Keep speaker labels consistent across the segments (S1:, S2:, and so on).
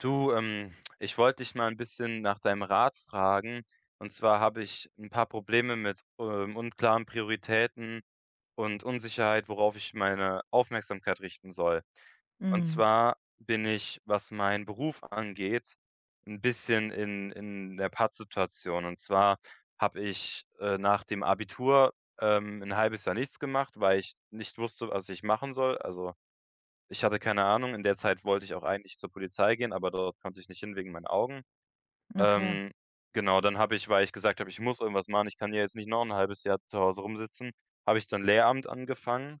S1: Du, ähm, ich wollte dich mal ‘n bisschen nach deinem Rat fragen, und zwar habe ich ‘n paar Probleme mit, äh, unklaren Prioritäten und Unsicherheit, worauf ich meine Aufmerksamkeit richten soll. Und
S2: Mhm.
S1: zwar bin ich, was meinen Beruf angeht, ‘n bisschen in in der Patt-Situation, und zwar habe ich, äh, nach dem Abitur, ähm, ‘n halbes Jahr nichts gemacht, weil ich nicht wusste, was ich machen soll. Also, ich hatte keine Ahnung, in der Zeit wollte ich auch eigentlich zur Polizei gehen, aber dort konnte ich nicht hin wegen meinen Augen.
S2: Okay.
S1: Ähm, genau, dann habe ich, weil ich gesagt habe: „Ich muss irgendwas machen, ich kann ja jetzt nicht noch ‘n halbes Jahr zu Hause rumsitzen“, habe ich dann Lehramt angefangen.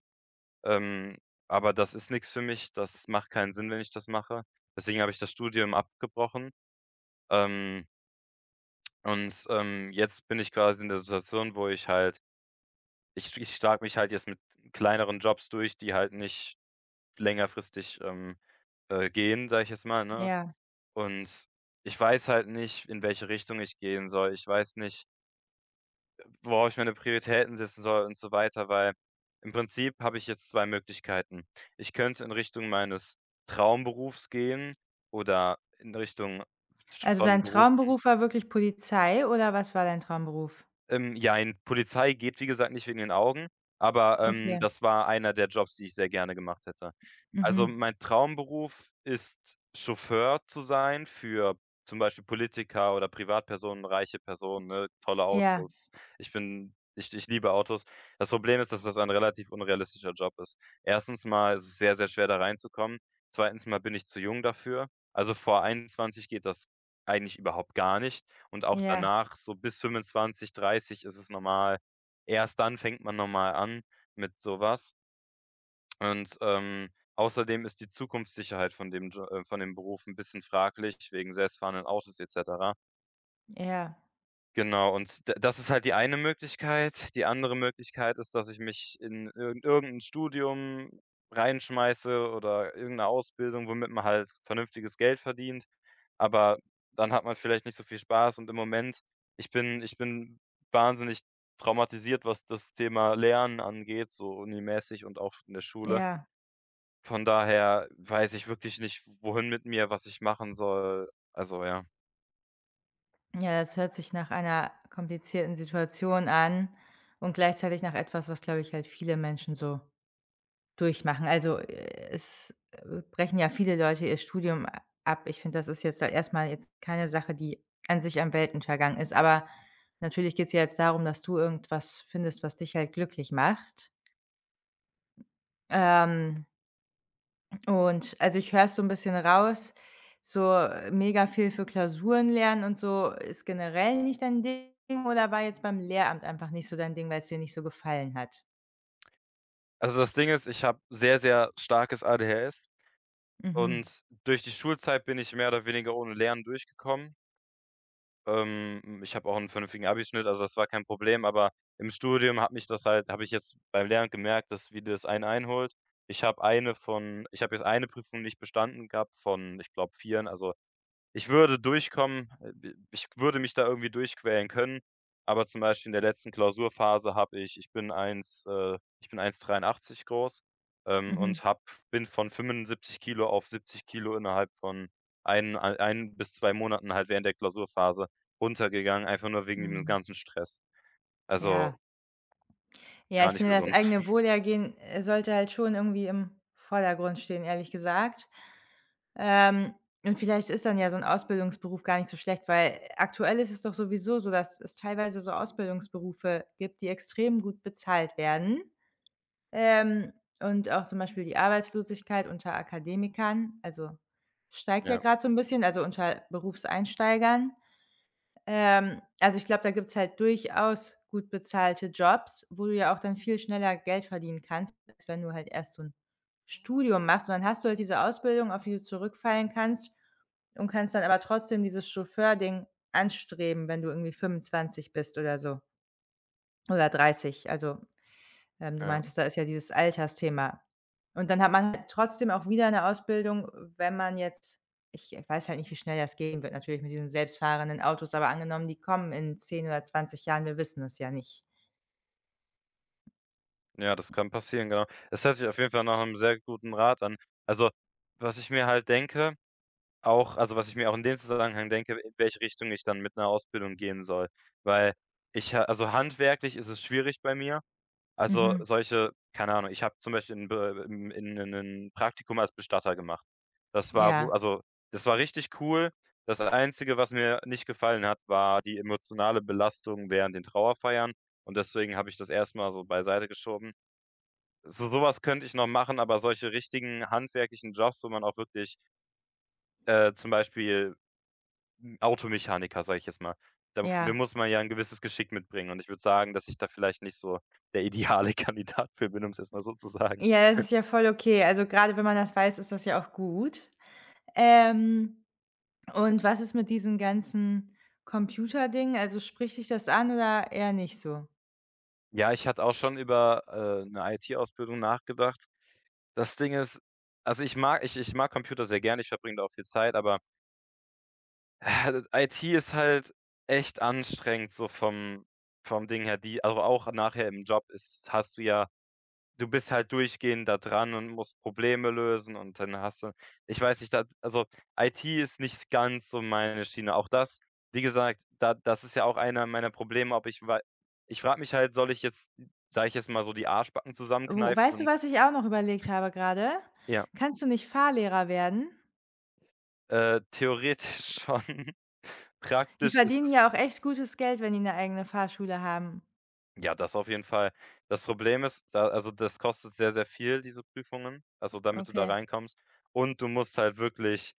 S1: Ähm, aber das ist nix für mich, das macht keinen Sinn, wenn ich das mache, deswegen habe ich das Studium abgebrochen. Ähm und, ähm, jetzt bin ich quasi in der Situation, wo ich halt ich ich schlage mich halt jetzt mit kleineren Jobs durch, die halt nicht längerfristig, ähm äh, gehen, sage ich jetzt mal, ne?
S2: Ja.
S1: Und, ich weiß halt nicht, in welche Richtung ich gehen soll. Ich weiß nicht Äh, worauf ich meine Prioritäten setzen soll und so weiter, weil im Prinzip habe ich jetzt zwei Möglichkeiten. Ich könnte in Richtung meines Traumberufs gehen oder in Richtung f sch
S2: Also,
S1: von
S2: dein
S1: Berufen
S2: Traumberuf war wirklich Polizei oder was war dein Traumberuf?
S1: Ähm, jein, Polizei geht, wie gesagt, nicht wegen den Augen. Aber, ähm,
S2: Okay.
S1: das war einer der Jobs, die ich sehr gerne gemacht hätte. Also,
S2: Mhm.
S1: mein Traumberuf ist Chauffeur zu sein. Für zum Beispiel Politiker oder Privatpersonen, reiche Personen, ne? Tolle
S2: Ja.
S1: Autos. Ich bin ich ich liebe Autos. Das Problem ist, dass das ein relativ unrealistischer Job ist. 1. mal ist es sehr, sehr schwer, da reinzukommen. 2. mal bin ich zu jung dafür. Also, vor 21 geht das eigentlich überhaupt gar nicht. Und auch
S2: Ja.
S1: danach so bis 25, 30 ist es normal. Erst dann fängt man normal an mit sowas. Und, ähm, außerdem ist die Zukunftssicherheit von dem Jo äh, von dem Beruf 'n bisschen fraglich wegen selbstfahrenden Autos et cetera.
S2: Ja.
S1: Genau. Und d das ist halt die eine Möglichkeit. Die andere Möglichkeit ist, dass ich mich in irgend irgendein Studium reinschmeiße oder irgendeine Ausbildung, womit man halt vernünftiges Geld verdient. Aber dann hat man vielleicht nicht so viel Spaß. Und im Moment ich bin ich bin wahnsinnig traumatisiert, was das Thema Lernen angeht, so Uni mäßig und auch f in der Schule.
S2: Ja.
S1: Von daher weiß ich wirklich nicht, wohin mit mir, was ich machen soll Also, ja.
S2: Ja, das hört sich nach einer komplizierten Situation an und gleichzeitig nach etwas, was, glaube ich halt viele Menschen so durchmachen. Also, äh es, äh, brechen ja viele Leute ihr Studium a ab. Ich finde, das ist jetzt ja erstmal jetzt keine Sache, die an sich am Welten vergangen ist, aber natürlich geht's ja jetzt darum, dass du irgendwas findest, was dich halt glücklich macht. Ähm. Und also ich höre es so 'n bisschen raus, so, äh, mega viel für Klausuren lernen und so, ist generell nicht dein Ding oder war jetzt beim Lehramt einfach nicht so dein Ding, weil's dir nicht so gefallen hat?
S1: Also das Ding ist, ich habe sehr, sehr starkes ADHS.
S2: Mhm.
S1: Und durch die Schulzeit bin ich mehr oder weniger ohne Lernen durchgekommen. Ähm, hm, ich habe auch 'n vernünftigen Abi-Schnitt. Also, das war kein Problem. Aber im Studium hat mich das halt habe ich jetzt beim Lernen gemerkt, dass wie das einen einholt. Ich habe eine von ich habe jetzt eine Prüfung nicht bestanden gehabt von ich glaube vieren. Also, ich würde durchkommen. Äh, w w ich würde mich da irgendwie durchquälen können. Aber zum Beispiel in der letzten Klausurphase habe ich ich bin eins, äh, ich bin 1,83 groß, ähm,
S2: Mhm.
S1: und habe bin von 75 kg auf 70 kg innerhalb von 1- 1 bis 2 Monaten halt während der Klausurphase runtergegangen. Einfach nur wegen diesem
S2: Mhm.
S1: ganzen Stress, also
S2: Ja. Ja, ich
S1: gar nicht
S2: finde, das
S1: gesund.
S2: eigene Wohlergehen, äh, sollte halt schon irgendwie im Vordergrund stehen, ehrlich gesagt. Ähm, und vielleicht ist dann ja so 'n Ausbildungsberuf gar nicht so schlecht weil aktuell ist es doch sowieso so, dass es teilweise so Ausbildungsberufe gibt, die extrem gut bezahlt werden. Ähm, und auch zum Beispiel die Arbeitslosigkeit unter Akademikern also steigt ja
S1: Ja.
S2: grad so 'n bisschen also unter Berufseinsteigern. Ähm, also ich glaube, da gibt's halt durchaus gut bezahlte Jobs, wo du ja auch dann viel schneller Geld verdienen kannst, als wenn du halt erst so 'n Studium machst. Und dann hast du halt diese Ausbildung, auf die du zurückfallen kannst und kannst dann aber trotzdem dieses Chauffeur-Ding anstreben, wenn du irgendwie 25 bist oder so oder 30, also ähm, du
S1: Ja.
S2: meintest, da ist ja dieses Altersthema. Und dann hat man halt trotzdem auch wieder 'ne Ausbildung, äh, wenn man jetzt ich weiß halt nicht, wie schnell das gehen wird natürlich mit diesen selbstfahrenden Autos, aber angenommen, die kommen in 10 oder 20 Jahren, wir wissen es ja nicht.
S1: Ja, das kann passieren. Genau Das hört sich auf jeden Fall nach ‘nem sehr guten Rat an. Also, was ich mir halt denke auch also, was ich mir auch in dem Zusammenhang denke: „In welche Richtung ich dann mit ‘ner Ausbildung gehen soll“, weil ich ha also, handwerklich ist es schwierig bei mir. Also,
S2: Mhm.
S1: solche keine Ahnung, ich habe zum Beispiel in be be in 'nen 'nen Praktikum als Bestatter gemacht. Das war wo
S2: Ja.
S1: also, das war richtig cool. Das Einzige, was mir nicht gefallen hat, war die emotionale Belastung während den Trauerfeiern und deswegen habe ich das erstmal so beiseite geschoben. So sowas könnte ich noch machen. Aber solche richtigen handwerklichen Jobs, wo man auch wirklich äh, zum Beispiel, hm, Automechaniker, sage ich jetzt mal. Dafür
S2: Ja.
S1: muss man ja ‘n gewisses Geschick mitbringen und ich würde sagen, dass ich da vielleicht nicht so der deale Kandidat für bin, um es jetzt mal so zu sagen
S2: Ja, das ist ja voll okay. Also, gerade wenn man das weiß, ist das ja auch gut. Ähm, und was ist mit diesen ganzen Computerdingen, also, spricht dich das an oder eher nicht so?
S1: Ja, ich hatte auch schon über, äh, 'ne IT-Ausbildung nachgedacht. Das Ding ist also, ich mag ich ich mag Computer sehr gerne, ich verbringe da auch viel Zeit, aber Ja, das IT ist halt echt anstrengend, so vom vom Ding her, die also, auch nachher im Job ist, hast du ja Du bist halt durchgehend da dran und musst Probleme lösen. Und dann hast du ich weiß nicht. Da, also, IT ist nicht ganz so meine Schiene. Auch das wie gesagt da das ist ja auch einer meiner Probleme. Ob ich wei Ich frage mich halt. Soll ich jetzt- sage ich jetzt mal so- die Arschbacken
S2: Mhm.
S1: zusammenkneifen
S2: Weißt du,
S1: und
S2: was ich auch noch überlegt habe gerade?
S1: Ja.
S2: Kannst du nicht Fahrlehrer werden?
S1: Äh, theoretisch schon
S2: Die
S1: Praktisch ist
S2: verdienen
S1: es
S2: ja auch echt gutes Geld, wenn die 'ne eigene Fahrschule haben.
S1: Ja, das auf jeden Fall Das Problem ist da, also das kostet sehr sehr viel. Diese Prüfungen. Also, damit du da
S2: Okay.
S1: reinkommst. Und du musst halt wirklich,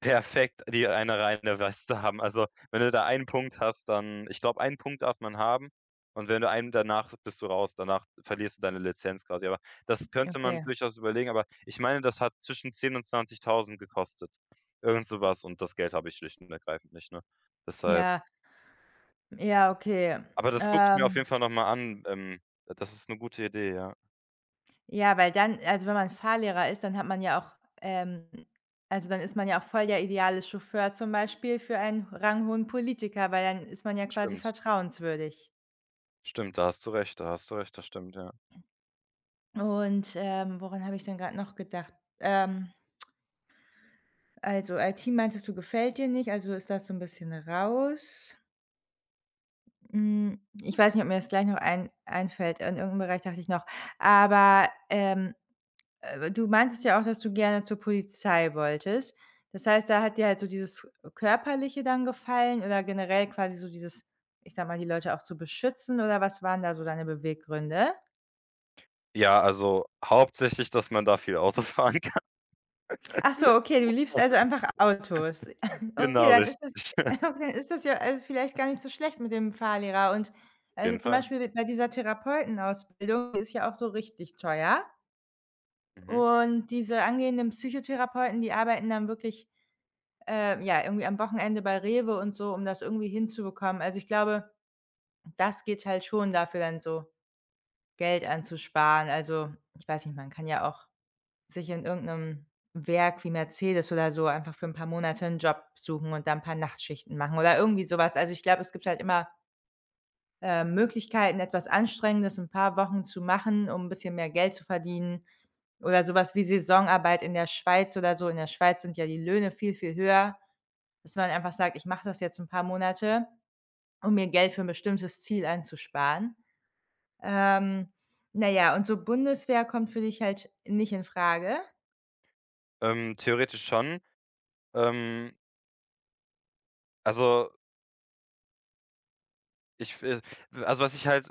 S1: perfekt, die eine reine Weste haben. Also, wenn du da einen Punkt hast, dann ich glaube, einen Punkt darf man haben. Und wenn du einen danach bist du raus. Danach verlierst du deine Lizenz quasi. Aber Das könnte man
S2: Okay.
S1: durchaus überlegen. Aber ich meine, das hat zwischen 10 und 20.000 gekostet. Irgend sowas. Und das Geld habe ich schlicht und ergreifend nicht, ne? Deshalb.
S2: Ja. Ja, okay.
S1: Aber das gucke ich mir auf
S2: Ähm.
S1: jeden Fall noch mal an. Ähm. Das ist 'ne gute Idee. Ja.
S2: Ja, weil dann, also, wenn man Fahrlehrer ist, dann hat man ja auch, ähm also, dann ist man ja auch voll der ideale Chauffeur zum Beispiel für einen ranghohen Politiker, weil dann ist man ja quasi
S1: Stimmt.
S2: vertrauenswürdig.
S1: Stimmt, da hast du recht. Da hast du recht. Das stimmt, ja.
S2: Und, ähm, woran habe ich dann gerade noch gedacht? Ähm also, IT meintest du, gefällt dir nicht, also, ist das so ‘n bisschen raus. Hm, ich weiß nicht, ob mir das gleich noch ein einfällt, an irgendeinen Bereich dachte ich noch. Aber, ähm, äh, du meintest ja auch, dass du gerne zur Polizei wolltest. Das heißt, da hat dir halt so dieses körperliche dann gefallen oder generell quasi so dieses, ich sage mal, die Leute auch zu beschützen, oder was waren da so deine Beweggründe?
S1: Ja, also, hauptsächlich, dass man da viel Auto fahren kann.
S2: Ach so, okay, du liebst, also, einfach Autos. Okay,
S1: Genau
S2: dann ist das
S1: richtig.
S2: dann ist das, äh, ja vielleicht gar nicht so schlecht mit dem Fahrlehrer und also,
S1: Jeden
S2: zum
S1: Fall.
S2: Beispiel bei dieser Therapeutenausbildung, die ist ja auch so richtig teuer
S1: Mhm.
S2: und diese angehenden Psychotherapeuten, die arbeiten dann wirklich, äh, ja, irgendwie am Wochenende bei REWE und so, um das irgendwie hinzubekommen. Also, ich glaube, das geht halt schon dafür dann so Geld anzusparen. Also, ich weiß nicht, man kann ja auch sich in irgendeinem Werk wie Mercedes oder so einfach für ‘n paar Monate ‘n Job suchen und dann ‘n paar Nachtschichten machen oder irgendwie sowas. Also, ich glaube, es gibt halt immer ähm, Möglichkeiten, etwas Anstrengendes ‘n paar Wochen zu machen, um ‘n bisschen mehr Geld zu verdienen oder sowas wie Saisonarbeit in der Schweiz oder so. In der Schweiz sind ja die Löhne viel, viel höher, dass man einfach sagt: „Ich mache das jetzt ‘n paar Monate, um mir Geld für ‘n bestimmtes Ziel einzusparen.“ Ähm, na ja, und so Bundeswehr kommt für dich halt nicht in Frage?
S1: Ähm, theoretisch schon, ähm also ich will w also, was ich halt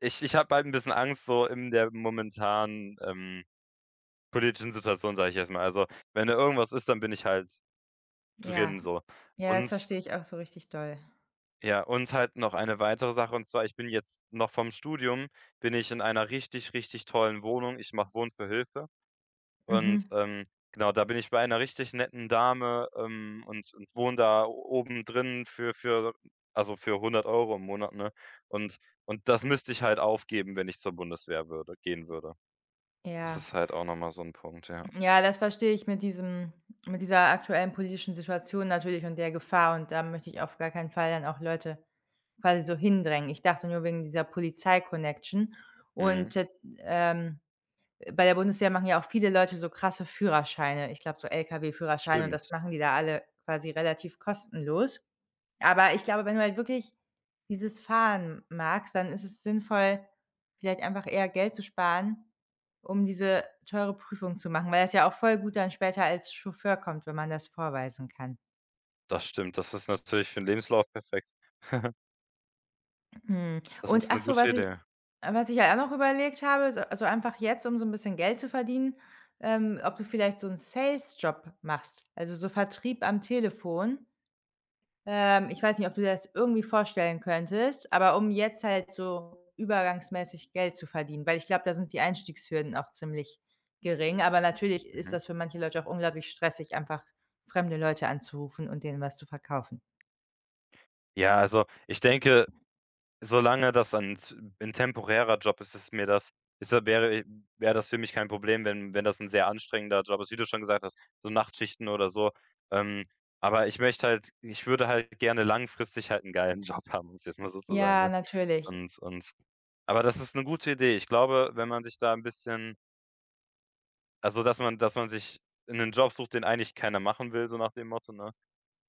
S1: ich ich habe halt ‘n bisschen Angst, so in der momentanen, ähm, politischen Situation, sage ich jetzt mal, also, wenn da irgendwas ist, dann bin ich halt
S2: Ja.
S1: drin so
S2: Ja, das
S1: und
S2: verstehe ich auch so richtig doll.
S1: Ja, und halt noch eine weitere Sache und zwar, ich bin jetzt noch vorm Studium, bin ich in einer richtig, richtig tollen Wohnung, ich mache Wohnen für Hilfe und,
S2: Mhm.
S1: ähm, genau, da bin ich bei einer richtig netten Dame, ähm, und und wohne da oben drin für für also für 100 € im Monat, ne, und und das müsste ich halt aufgeben, wenn ich zur Bundeswehr würde gehen würde. Das
S2: Ja.
S1: ist halt auch nochmal so ‘n Punkt, ja.
S2: Ja, das verstehe ich mit diesem mit dieser aktuellen politischen Situation natürlich und der Gefahr und da möchte ich auf gar keinen Fall dann auch Leute quasi so hindrängen. Ich dachte nur wegen dieser Polizei-Connection und
S1: Mhm.
S2: t ähm, äh, bei der Bundeswehr machen ja auch viele Leute so krasse Führerscheine. Ich glaube, so LKW-Führerscheine und das
S1: Stimmt.
S2: machen die da alle quasi relativ kostenlos. Aber, ich glaube, wenn du halt wirklich dieses Fahren magst, dann ist es sinnvoll, vielleicht einfach eher Geld zu sparen um diese teure Prüfung zu machen, weil es ja auch voll gut dann später als Chauffeur kommt, wenn man das vorweisen kann.
S1: Das stimmt. Das ist natürlich für 'n Lebenslauf perfekt.
S2: Hm.
S1: Das
S2: Und
S1: ist 'ne
S2: ach so,
S1: gute
S2: was ich
S1: Idee.
S2: was ich ja auch noch überlegt habe, so also, einfach jetzt, um so 'n bisschen Geld zu verdienen, ähm, ob du vielleicht so 'n Salesjob machst. Also, so Vertrieb am Telefon. Ähm, ich weiß nicht, ob du dir das irgendwie vorstellen könntest, aber um jetzt halt so übergangsmäßig Geld zu verdienen, weil ich glaube, da sind die Einstiegshürden auch ziemlich gering, aber natürlich ist
S1: Mhm.
S2: das für manche Leute auch unglaublich stressig, einfach fremde Leute anzurufen und denen was zu verkaufen.
S1: Ja, also, ich denke, solange das ein z 'n temporärer Job ist, ist mir das ist da wäre wäre das für mich kein Problem, wenn wenn das 'n sehr anstrengender Job ist, wie du schon gesagt hast, so Nachtschichten oder so. Ähm, aber ich möchte halt ich würde halt gerne langfristig halt 'n geilen Job haben, um es jetzt mal so zu sagen.
S2: Ja, natürlich.
S1: Und und aber das ist 'ne gute Idee. Ich glaube, wenn man sich da 'n bisschen also, dass man dass man sich 'nen Job sucht, den eigentlich keiner machen will, so nach dem Motto, ne?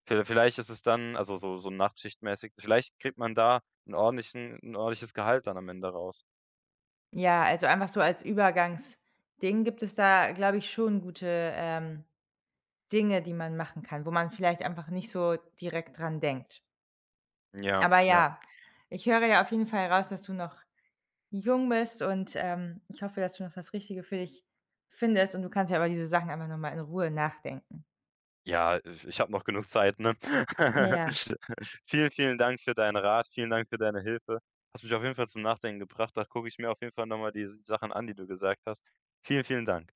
S1: Viel vielleicht ist es dann also, so so Nachtschichtmäßig. Vielleicht kriegt man da 'n ordentlichen 'n ordentliches Gehalt dann am Ende raus.
S2: Ja, also einfach so als Übergangsding gibt es da, äh, glaube ich schon gute, ähm, Dinge, die man machen kann, wo man vielleicht einfach nicht so direkt dran denkt.
S1: Ja,
S2: Aber
S1: ja.
S2: ja, ich höre ja auf jeden Fall raus, dass du noch jung bist und, ähm, ich hoffe, dass du noch das Richtige für dich findest und du kannst ja über diese Sachen einfach noch mal in Ruhe nachdenken.
S1: Ja, äh, w ich, ich habe noch genug Zeit, ne?
S2: Ja.
S1: Vielen, vielen Dank für deinen Rat. Vielen Dank für deine Hilfe. Hast mich auf jeden Fall zum Nachdenken gebracht. Da gucke ich mir auf jeden Fall noch mal diese Sachen an, die du gesagt hast. Vielen, vielen Dank.